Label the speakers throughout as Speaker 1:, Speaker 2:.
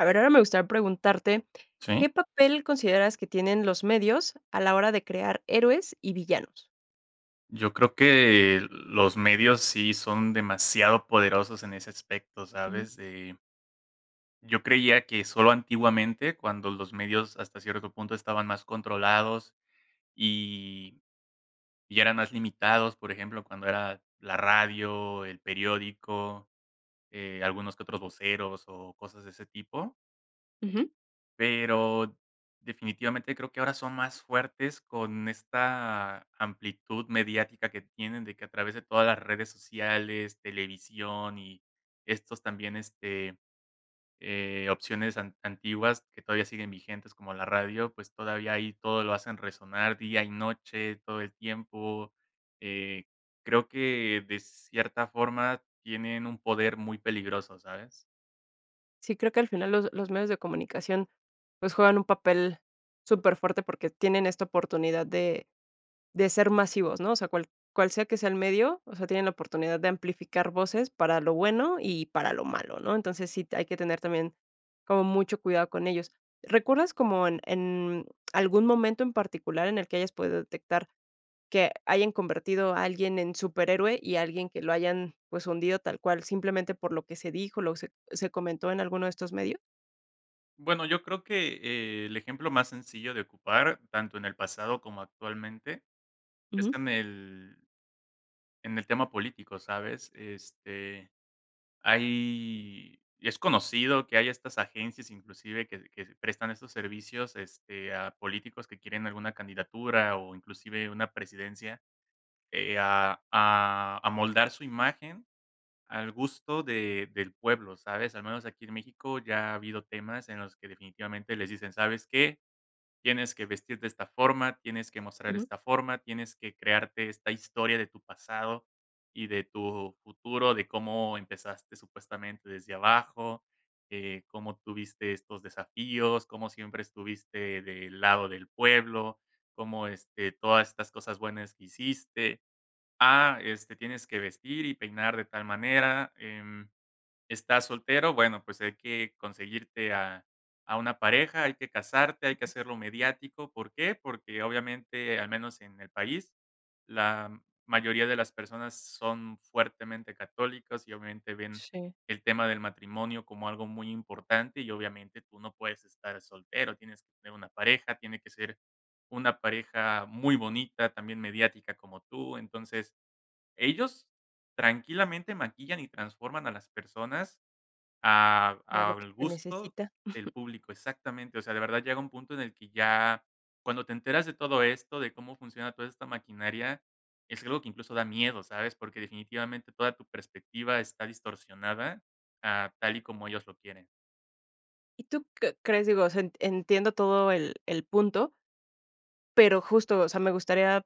Speaker 1: A ver, ahora me gustaría preguntarte,
Speaker 2: Sí.
Speaker 1: ¿qué papel consideras que tienen los medios a la hora de crear héroes y villanos?
Speaker 2: Yo creo que los medios sí son demasiado poderosos en ese aspecto,
Speaker 1: Ujú.
Speaker 2: ¿sabes?, eh Yo creía que solo antiguamente, cuando los medios, hasta cierto punto, estaban más controlados y y eran más limitados, por ejemplo, cuando era la radio, el periódico, eh, algunos que otros voceros o cosas de ese tipo.
Speaker 1: Ujú.
Speaker 2: Pero, definitivamente creo, que ahora son más fuertes con esta amplitud mediática que tienen, de que, a través de todas las redes sociales, televisión y estos también, este, eh, opciones an antiguas que todavía siguen vigentes como la radio, pues todavía ahí todo lo hacen resonar día y noche, todo el tiempo, eh, creo que de cierta forma tienen un poder muy peligroso, ¿sabes?
Speaker 1: Sí, creo que al final los los medios de comunicación, pues, juegan un papel superfuerte porque tienen esta oportunidad de de ser masivos, ¿no? O sea, cual cual sea que sea el medio, o sea, tienen la oportunidad de amplificar voces para lo bueno y para lo malo, ¿no? Entonces sí t hay que tener también como mucho cuidado con ellos. ¿Recuerdas como en en algún momento en particular en el que hayas podido detectar que hayan convertido a alguien en superhéroe? ¿Y alguien que lo hayan, pues, hundido tal cual?, simplemente por lo que se dijo, lo se c se comentó en alguno de estos medios.
Speaker 2: Bueno, yo creo que el ejemplo más sencillo de ocupar, tanto en el pasado como actualmente, es
Speaker 1: Ujú.
Speaker 2: en el en el tema político, ¿sabes? Este, hay es conocido, que hay estas agencias, inclusive, que que prestan estos servicios, este, a políticos que quieren alguna candidatura, o inclusive, una presidencia. Eh, a a amoldar su imagen, al gusto de del pueblo, ¿sabes? Al menos aquí en México, ya ha habido temas, en los que definitivamente, les dicen: "¿Sabes qué? Tienes que vestir de esta forma, tienes que mostrar
Speaker 1: Ujú.
Speaker 2: esta forma. Tienes que crearte esta historia de tu pasado, y de tu futuro. De cómo empezaste, supuestamente, desde abajo. Eh, cómo tuviste estos desafíos. Cómo siempre estuviste del lado del pueblo. Cómo, este, todas estas cosas buenas que hiciste. Ah, este, tienes que vestir y peinar de tal manera. Em. ¿Estás soltero?, bueno, pues hay que conseguirte a a una pareja, hay que casarte. Hay que hacerlo mediático". ¿Por qué? Porque obviamente, al menos en el país, la mayoría de las personas, son fuertemente católicos, y obviamente, ven
Speaker 1: Sí.
Speaker 2: el tema del matrimonio, como algo muy importante. Y obviamente, tú no puedes estar soltero, tienes que tener una pareja. Tiene que ser una pareja muy bonita, también mediática como tú. Entonces, ellos tranquilamente, maquillan y transforman a las personas, a
Speaker 1: Para lo que
Speaker 2: al
Speaker 1: se
Speaker 2: gusto
Speaker 1: necesita.
Speaker 2: del público. Exactamente. O sea, de verdad, llega un punto, en el que ya cuando te enteras de todo esto, de cómo funciona toda esta maquinaria, es algo que incluso, da miedo, ¿sabes? Porque definitivamente, toda tu perspectiva está distorsionada, a tal y como ellos lo quieren.
Speaker 1: ¿Y tú qué crees? Digo, o sea, en entiendo todo el el punto, pero justo, o sea, me gustaría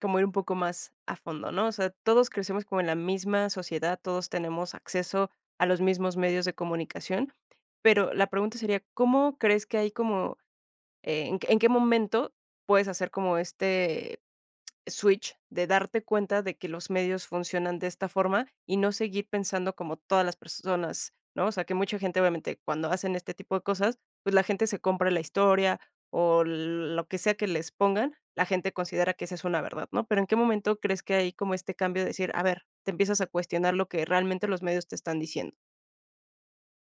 Speaker 1: como ir un poco más a fondo, ¿no? O sea, todos crecemos como en la misma sociedad, todos tenemos acceso a los mismos medios de comunicación. Pero la pregunta sería, ¿Cómo crees que hay como? Eh, en qué en qué momento puedes hacer como este switch de darte cuenta de que los medios funcionan de esta forma y no seguir pensando como todas las personas, ¿no? O sea, que mucha gente, obviamente, cuando hacen este tipo de cosas, pues la gente se compra la historia o lo que sea que les pongan, la gente considera que esa es una verdad, ¿no? Pero, ¿en qué momento crees que hay como este cambio de decir: "A ver", te empiezas a cuestionar lo que realmente los medios te están diciendo?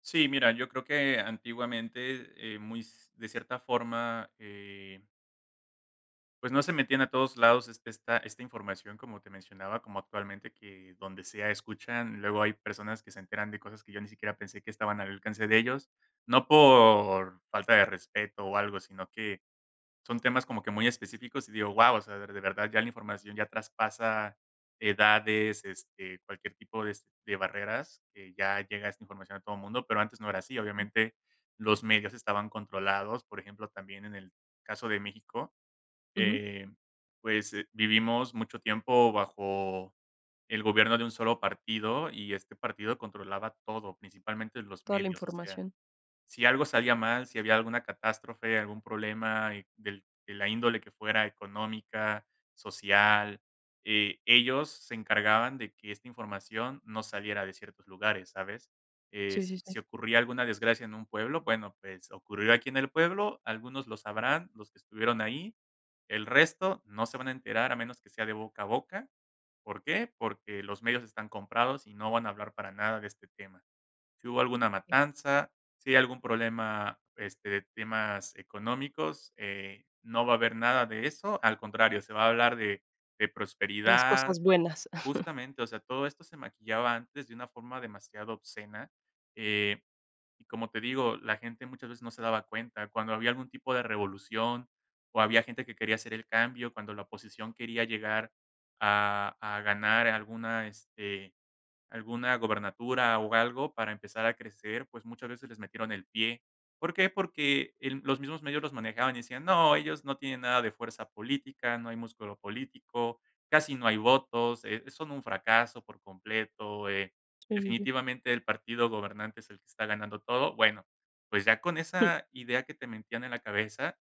Speaker 2: Sí, mira, yo creo que antiguamente, eh, muy s de cierta forma, eh Pues, no se metían a todos lados esta esta información, como te mencionaba, como actualmente que donde sea escuchan, luego hay personas que se enteran de cosas que yo ni siquiera pensé que estaban al alcance de ellos, no por falta de respeto o algo, sino que son temas como que muy específicos y digo: "Guau", o sea, de verdad ya la información ya traspasa edades, este, cualquier tipo es de barreras, que ya llega esta información a todo mundo, pero antes no era así. Obviamente, los medios estaban controlados, por ejemplo, también en el caso de México,
Speaker 1: Ujú.
Speaker 2: eh, pues vivimos mucho tiempo bajo el gobierno de un solo partido y este partido controlaba todo, principalmente los
Speaker 1: Toda la
Speaker 2: medios, o sea,
Speaker 1: información.
Speaker 2: si algo salía mal, si había alguna catástrofe, algún problema del de la índole que fuera económica, social, eh, ellos se encargaban de que esta información no saliera de ciertos lugares, ¿sabes? Eh,
Speaker 1: Sí, sí, sí.
Speaker 2: si ocurría alguna desgracia en un pueblo, bueno, pues ocurrió aquí en el pueblo, algunos lo sabrán, los que estuvieron ahí, el resto no se van a enterar a menos que sea de boca a boca. ¿Por qué? Porque los medios están comprados y no van a hablar para nada de este tema. Si hubo alguna matanza, si hay algún problema, este, de temas económicos, eh, no va a haber nada de eso, al contrario, se va a hablar de de
Speaker 1: De las
Speaker 2: prosperidad,
Speaker 1: cosas buenas.
Speaker 2: justamente, o sea, todo esto se maquillaba antes de una forma demasiado obscena, eh, como te digo, la gente muchas veces no se daba cuenta cuando había algún tipo de revolución o había gente que quería hacer el cambio, cuando la oposición quería llegar a a ganar alguna, este, alguna gubernatura o algo para empezar a crecer, pues muchas veces les metieron el pie. ¿Por qué? Porque los mismos medios los manejaban y decían: "No, ellos no tienen nada de fuerza política, no hay músculo político, casi no hay votos, eh, son un fracaso por completo, eh,
Speaker 1: [unintelligible]
Speaker 2: definitivamente el partido gobernante es el que está ganando todo". Bueno, pues ya con esa idea que te metían en la cabeza,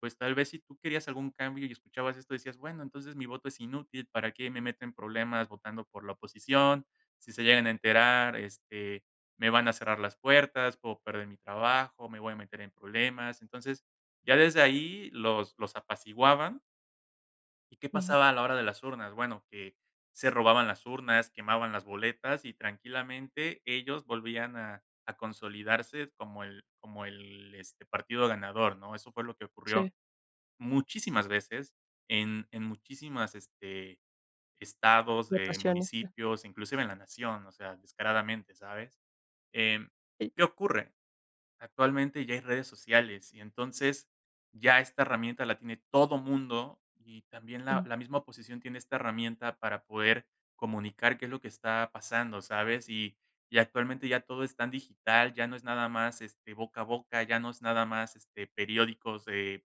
Speaker 2: pues tal vez si tú querías algún cambio y escuchabas esto decías: "Bueno, entonces mi voto es inútil, ¿para qué me meto en problemas votando por la oposición? Si se llegan a enterar, este, me van a cerrar las puertas, puedo perder mi trabajo, me voy a meter en problemas". Entonces ya desde ahí los los apaciguaban ¿Y qué
Speaker 1: Ujú.
Speaker 2: pasaba a la hora de las urnas? Bueno, que se robaban las urnas, quemaban las boletas y tranquilamente ellos volvían a a consolidarse como el como el este, partido ganador, ¿no? Eso fue lo que ocurrió.
Speaker 1: Sí.
Speaker 2: Muchísimas veces en en muchísimos, este, estados
Speaker 1: Te
Speaker 2: de
Speaker 1: apasiona.
Speaker 2: municipios, inclusive en la nación, o sea, descaradamente, ¿sabes? Eh,
Speaker 1: Sí.
Speaker 2: ¿qué ocurre? Actualmente ya hay redes sociales y entonces ya esta herramienta la tiene todo mundo, y también la
Speaker 1: Ujú.
Speaker 2: la misma oposición tiene esta herramienta para poder comunicar qué es lo que está pasando, ¿sabes? Y y actualmente ya todo es tan digital, ya no es nada más, este, boca a boca, ya no es nada más, este, periódicos de,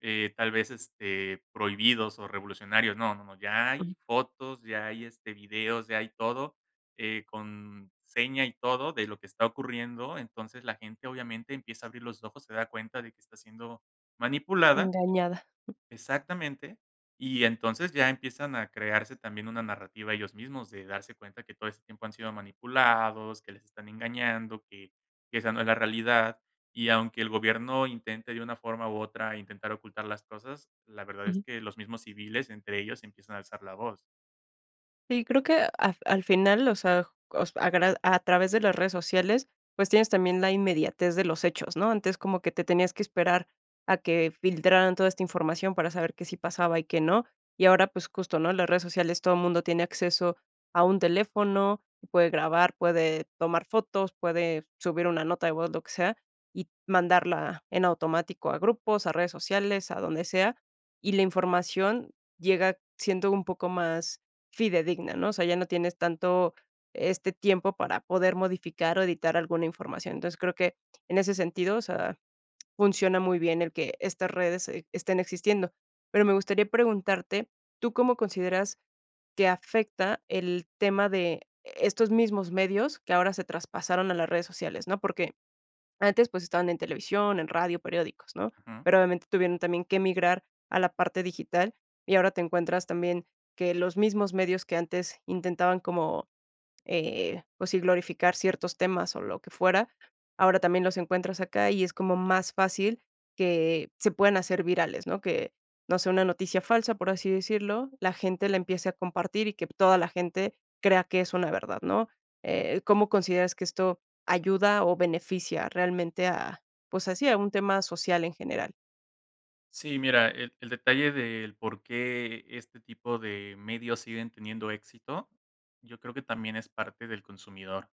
Speaker 2: eh, tal vez, este, prohibidos o revolucionarios, no no no, ya
Speaker 1: Ujú.
Speaker 2: hay fotos, ya hay, este, videos, ya hay todo, eh, con seña y todo de lo que está ocurriendo, entonces la gente, obviamente, empieza a abrir los ojos, se da cuenta de que está siendo manipulada
Speaker 1: Engañada.
Speaker 2: exactamente, y entonces ya empiezan a crearse también una narrativa ellos mismos, de darse cuenta que todo este tiempo han sido manipulados, que les están engañando, que que esa no es la realidad, y aunque el gobierno intente de una forma u otra intentar ocultar las cosas, la verdad es
Speaker 1: Ujú.
Speaker 2: que los mismos civiles, entre ellos, empiezan a alzar la voz.
Speaker 1: Sí, creo que af al final, o sea cos agra a través de las redes sociales, pues tienes también la inmediatez de los hechos, ¿no?, antes como que te tenías que esperar a que filtraran toda esta información para saber que sí pasaba y que no. Y ahora, pues justo, ¿no?, las redes sociales todo mundo tiene acceso a un teléfono, puede grabar, puede tomar fotos, puede subir una nota de voz, lo que sea, y mandarla en automático a grupos, a redes sociales, a donde sea, y la información llega siendo un poco más fidedigna, ¿no?, o sea, ya no tienes tanto este tiempo para poder modificar o editar alguna información, entonces, creo que en ese sentido, o sea, funciona muy bien el que estas redes e estén existiendo. Pero me gustaría preguntarte, ¿tú cómo consideras que afecta el tema de estos mismos medios que ahora se traspasaron a las redes sociales, no?, porque antes, pues, estaban en televisión, en radio, periódicos, ¿no?,
Speaker 2: Ujú.
Speaker 1: pero obviamente tuvieron también que migrar a la parte digital y ahora te encuentras también que los mismos medios que antes intentaban como, eh pues, sí, glorificar ciertos temas o lo que fuera, ahora también los encuentras acá y es como más fácil que se puedan hacer virales, ¿no?, que no sé, una noticia falsa, por así decirlo, la gente la empiece a compartir y que toda la gente crea que es una verdad, ¿no?, eh, ¿cómo consideras que esto ayuda o beneficia realmente a pues así, a un tema social en general?
Speaker 2: Sí, mira, el el detalle del porqué este tipo de medios siguen teniendo éxito, yo creo que también es parte del consumidor.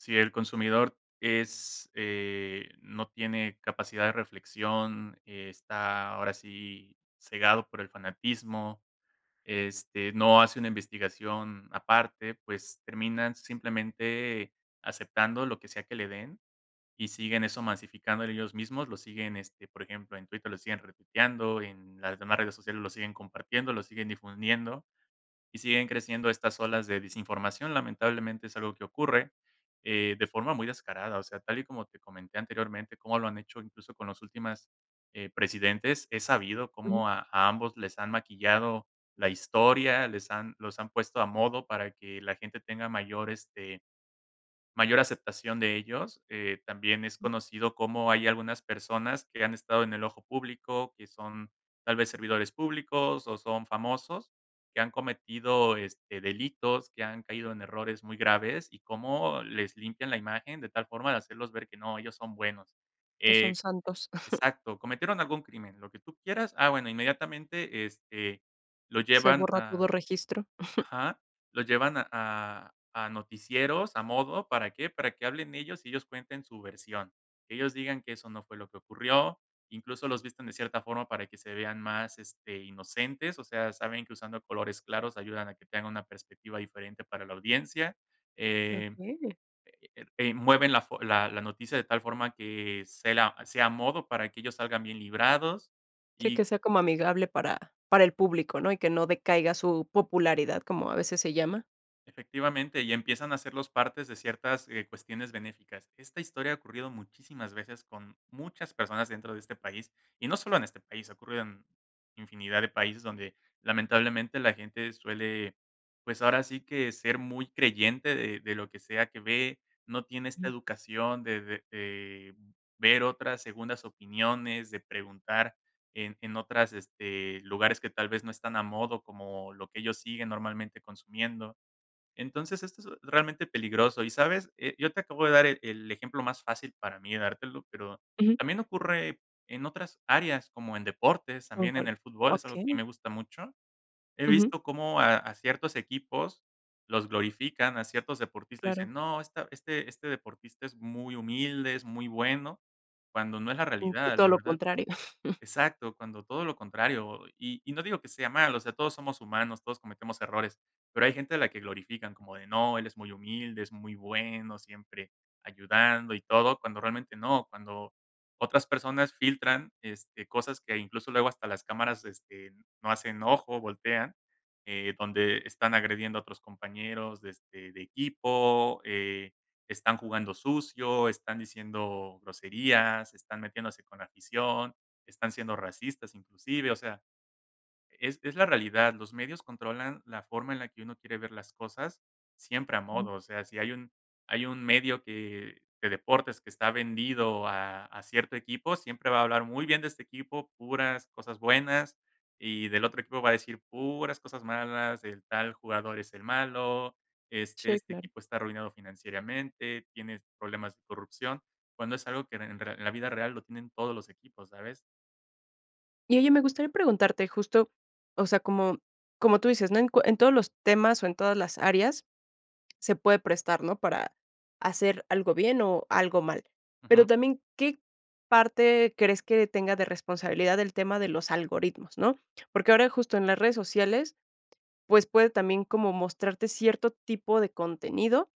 Speaker 2: Si el consumidor es, eh, no tiene capacidad de reflexión, está ahora sí cegado por el fanatismo, este, no hace una investigación aparte, pues terminan simplemente aceptando lo que sea que le den y siguen eso masificándole ellos mismos, lo siguen, este, por ejemplo, en Twitter lo siguen retuiteando, en las demás redes sociales lo siguen compartiendo, lo siguen difundiendo, y siguen creciendo estas olas de desinformación. Lamentablemente es algo que ocurre, eh, de forma muy descarada, o sea, tal y como te comenté anteriormente, como lo han hecho, incluso con los últimos, eh, presidentes, he sabido
Speaker 1: Ujú.
Speaker 2: cómo a a ambos les han maquillado la historia, les han los han puesto a modo para que la gente tenga mayor este mayor aceptación de ellos. Eh, también es conocido cómo hay algunas personas que han estado en el ojo público, que son tal vez servidores públicos o son famosos, que han cometido, este, delitos, que han caído en errores muy graves, y cómo les limpian la imagen de tal forma de hacerlos ver que no, ellos son buenos.
Speaker 1: Que son
Speaker 2: Eh,
Speaker 1: santos.
Speaker 2: exacto, cometieron algún crimen, lo que tú quieras. Ah, bueno, inmediatamente, este, lo
Speaker 1: Se
Speaker 2: llevan
Speaker 1: borra todo
Speaker 2: a
Speaker 1: registro.
Speaker 2: ajá, lo llevan a a noticieros, a modo, ¿para qué? Para que hablen ellos y ellos cuenten su versión, que ellos digan que eso no fue lo que ocurrió, incluso los visten de cierta forma para que se vean más, este, inocentes, o sea, saben que usando colores claros ayudan a que tengan una perspectiva diferente para la audiencia. Eh,
Speaker 1: Okey.
Speaker 2: mueven la fo la la noticia de tal forma que sea a modo para que ellos salgan bien librados
Speaker 1: Sí,
Speaker 2: y
Speaker 1: que sea como amigable para para el público ¿no? Y que no decaiga su popularidad como a veces se llama.
Speaker 2: efectivamente, y empiezan a ser los partes de ciertas, eh, cuestiones benéficas. Esta historia ha ocurrido muchísimas veces con muchas personas dentro de este país, y no solo en este país, ocurrió en infinidad de países donde, lamentablemente, la gente suele, pues ahora sí que ser muy creyente de de lo que sea que ve, no tiene esta educación de de de ver otras segundas opiniones, de preguntar en en otros este, lugares que tal vez no están a modo como lo que ellos siguen normalmente consumiendo. Entonces, esto es realmente peligroso y, ¿sabes? Yo te acabo de dar el el ejemplo más fácil para mí de dártelo, pero
Speaker 1: Ujú.
Speaker 2: también ocurre en otras áreas como en deportes,
Speaker 1: ¿En
Speaker 2: también en
Speaker 1: cuál?
Speaker 2: el fútbol, es algo que
Speaker 1: Okey.
Speaker 2: me gusta mucho. He
Speaker 1: Ujú.
Speaker 2: visto cómo a a ciertos equipos los glorifican, a ciertos deportistas
Speaker 1: Claro.
Speaker 2: dicen: "No, este este deportista es muy humilde, es muy bueno", cuando no es la
Speaker 1: Un
Speaker 2: realidad,
Speaker 1: poquito a
Speaker 2: la
Speaker 1: lo
Speaker 2: verdad,
Speaker 1: contrario.
Speaker 2: exacto, cuando todo lo contrario y y no digo que sea malo, o sea, todos somos humanos, todos cometemos errores, pero hay gente a la que glorifican como de: "No, él es muy humilde, es muy bueno, siempre ayudando y todo", cuando realmente no, cuando otras personas filtran, este, cosas que incluso luego hasta las cámaras, este, no hacen ojo, voltean, eh, donde están agrediendo a otros compañeros de, este, de equipo, eh, están jugando sucio, están diciendo groserías, están metiéndose con la afición, están siendo racistas inclusive, o sea, es es la realidad, los medios controlan la forma en la que uno quiere ver las cosas siempre a
Speaker 1: Ujú.
Speaker 2: modo, o sea, si hay un hay un medio de deportes que está vendido a a cierto equipo, siempre va a hablar muy bien de este equipo, puras cosas buenas, y del otro equipo va a decir puras cosas malas, el tal jugador es el malo, este
Speaker 1: Sí,
Speaker 2: este
Speaker 1: claro.
Speaker 2: equipo está arruinado financieramente, tiene problemas de corrupción, cuando es algo que en la vida real lo tienen todos los equipos, ¿sabes?
Speaker 1: Y oye, me gustaría preguntarte justo o sea, como como tú dices, ¿no?, en cu en todos los temas o en todas las áreas se puede prestar, ¿no?, para hacer algo bien o algo mal.
Speaker 2: Ujú.
Speaker 1: Pero también, ¿qué parte crees que tenga de responsabilidad el tema de los algoritmos, no?, porque ahora justo en las redes sociales, pues puede también como mostrarte cierto tipo de contenido,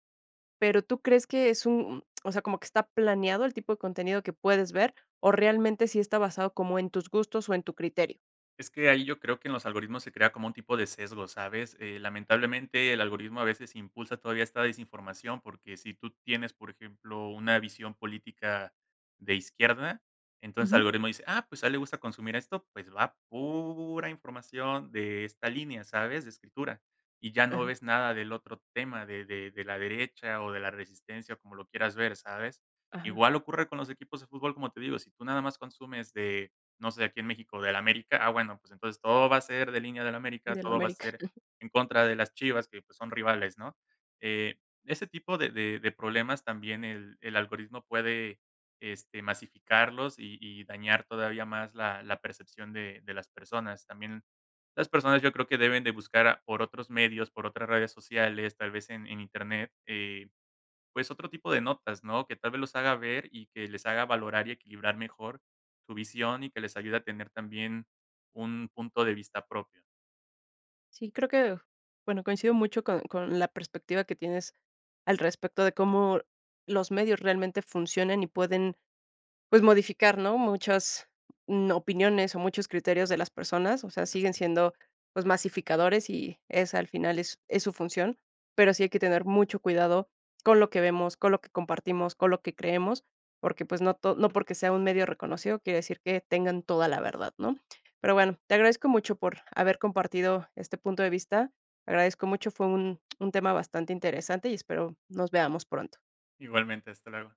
Speaker 1: pero, ¿tú crees que es u un o sea, como que está planeado el tipo de contenido que puedes ver? ¿O realmente sí está basado como en tus gustos o en tu criterio?
Speaker 2: Es que ahí yo creo que en los algoritmos se crea como un tipo de sesgo, ¿sabes?, eh, lamentablemente, el algoritmo a veces impulsa todavía esta desinformación, porque si tú tienes, por ejemplo, una visión política de izquierda, entonces
Speaker 1: Ujú.
Speaker 2: algoritmo dice: "Ah, pues, a él le gusta consumir esto, pues va", pura información de esta línea, ¿sabes?, de escritura, y ya no
Speaker 1: Ajá.
Speaker 2: ves nada del otro tema de de de la derecha o de la resistencia, o como lo quieras ver, ¿sabes?,
Speaker 1: Ajá.
Speaker 2: igual ocurre con los equipos de fútbol, como te digo, si tú nada más consumes de no sé, aquí en México, del América, ah, bueno, pues entonces todo va a ser de línea del América,
Speaker 1: Del
Speaker 2: todo va a
Speaker 1: América.
Speaker 2: ser en contra de las Chivas que, pues, son rivales, ¿no?, eh, ese tipo de de de problemas también el el algoritmo puede, este, masificarlos y y dañar todavía más la la percepción de de las personas. También, las personas yo creo que deben de buscar por otros medios, por otras redes sociales, tal vez en en Internet, eh, pues otro tipo de notas, ¿no?, que tal vez los haga ver y que les haga valorar y equilibrar mejor su visión, y que les ayude a tener también un punto de vista propio.
Speaker 1: Sí, creo que bueno, coincido mucho con con la perspectiva que tienes al respecto de cómo los medios realmente funcionan y pueden pues, modificar, ¿no?, muchas n opiniones o muchos criterios de las personas, o sea,
Speaker 2: Así,
Speaker 1: siguen
Speaker 2: es.
Speaker 1: siendo, pues, masificadores y esa, al final, es es su función. Pero sí hay que tener mucho cuidado con lo que vemos, con lo que compartimos, con lo que creemos, porque, pues, no to no porque sea un medio reconocido quiere decir que tengan toda la verdad, ¿no?, pero bueno, te agradezco mucho por haber compartido este punto de vista. Agradezco mucho, fue un un tema bastante interesante y espero nos veamos pronto.
Speaker 2: Igualmente, hasta luego.